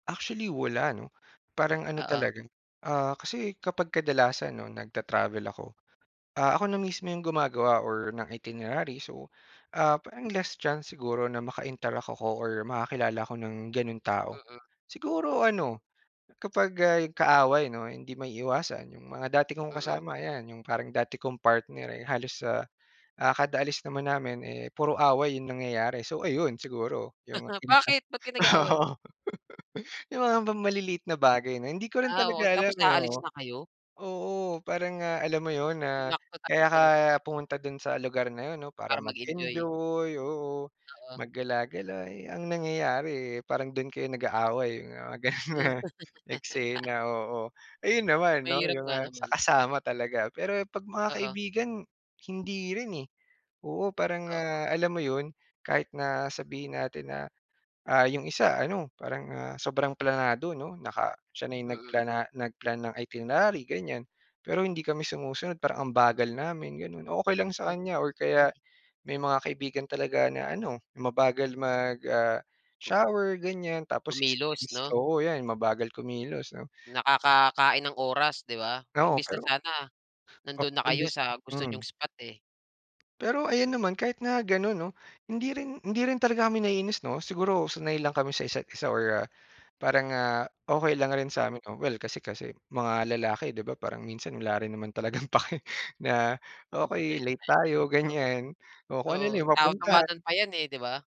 Actually, wala ano parang ano Oo. talaga, ah, kasi kapag kadalasan 'no nagta-travel ako, ah, ako na mismo yung gumagawa or ng itinerary so, ah, parang less chance siguro na maka-interact ako or makakilala ako ng ganun tao. Mm. Siguro ano kapag, ah, yung kaaway 'no hindi maiiwasan yung mga dati kong Mm. kasama yan yung parang dati kong partner eh halos sa, ah, kada alis naman namin eh puro away yung nangyayari so ayun siguro yung init ng, Bakit, ba't kayo oo. nag-aaway? Yung mga bang maliliit na bagay na hindi ko rin Ah, talaga oo, tapos alam eh aalis oo. na kayo? Oo parang nga alam mo yun na Sinakto kaya talaga ka 'no. pumunta dun sa lugar na yun 'no para Para mag-enjoy. mag-enjoy, oo Oo. mag gala-gala eh ang nangyayari eh parang dun kayo nag-aaway mga ganun na eksena oo. Ayun naman 'no Mahirap yung nga sa naman. kasama talaga, pero pag mga Oo. kaibigan hindi rin eh, oo parang Oo. nga alam mo yun kahit na sabihin natin na, ah, yung isa ano parang ah, sobrang planado 'no, naka siya na yung Mm. nagplana nagplan ng itinerary ganyan pero hindi kami sumusunod parang ang bagal namin ganun, okey lang sa Mm, kanya or okey. kaya may mga kaibigan talaga na ano mabagal mag, ah, [unintelligible] shower ganyan tapos Kumilos, 'no. oo yan mabagal kumilos 'no. Nakakakain ng oras 'di ba, Oo imbes na pero sana nandun oo na kayo imbis sa gusto niyong hmm. spot eh. Pero ayun naman kahit na ganun 'no, hindi rin hindi rin talaga kami naiinis 'no, siguro sanay lang kami sa isa't-isa or parang, ah, okey lang rin Hmm. sa'min oh well kasi kasi mga lalaki di ba parang minsan wala rin naman talagang pake na, okey late tayo Totoo. ganyan o kung ano lang Oo, yung taw tawanan mapuntahan. pa yan, eh, 'di ba.